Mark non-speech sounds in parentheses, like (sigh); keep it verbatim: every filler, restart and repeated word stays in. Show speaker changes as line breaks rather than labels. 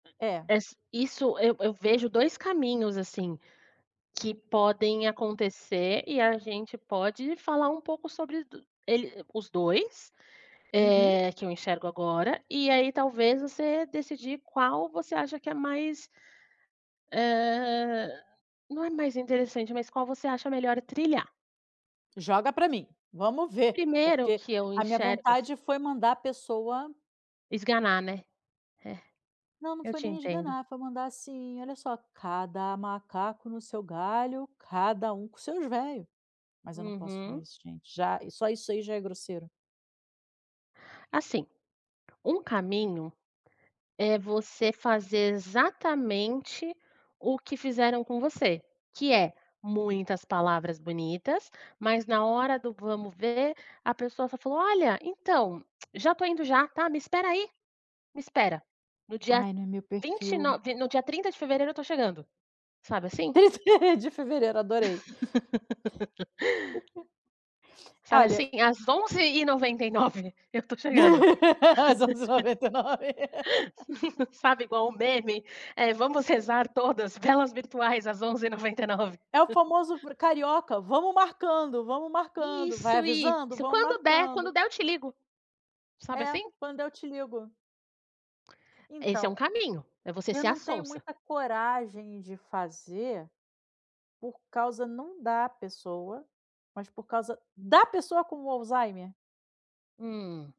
É.
Es isso eu eu vejo dois caminhos, assim, que podem acontecer, e a gente pode falar um pouco sobre do ele os dois,
Uhum.
eh, que eu enxergo agora e aí talvez, você decidir qual você acha que é mais eh, não é mais interessante, mas qual você acha melhor trilhar.
Joga ara mim. Vamos ver,
Primeiro
porque
que eu
a minha
enxergo as
vontade foi mandar a pessoa
Esganar, né. É,
Não, não
eu
foi
te
nem
entendo.
esganar, foi mandar, assim: "Olha só, cada macaco no seu galho, cada um com seus véio". Mas eu não posso falar
Uhum.
isso gente. Já só isso aí já é grosseiro.
Assim, um caminho é você fazer exatamente o que fizeram com você, que é; muitas palavras bonitas, mas na hora do vamos ver a pessoa só falou: "Olha, então, (clicks tongue) já estou indo já, tá, me espera aí. Me espera, no dia
Ai, não é meu
vinte e
perfil.
nove no dia trinta de fevereiro eu estou chegando". Sabe, assim?
trinta de fevereiro, adorei. (unintelligible)
(laughs) Sabe,
Olha
assim, às onze e noventa e nove, eu estou chegando.
As onze e noventa e nove.
(laughs) Sabe, igual o meme, eh, "Vamos rezar todas velas virtuais às onze e noventa e nove".
É o famoso
(chuckles)
v carioca, "vamos marcando, vamos marcando, vai
Isso,
avisando,
isso.
vamos
"Quando der,
marcando".
quando der eu te ligo". Sabe
É,
assim?
"quando eu te ligo".
Esse é um
Então,
caminho, é você
eu
ser a
não tenho
sonsa.
muita coragem de fazer por causa, não da pessoa, mas por causa da pessoa com o Alzheimer.
Hum.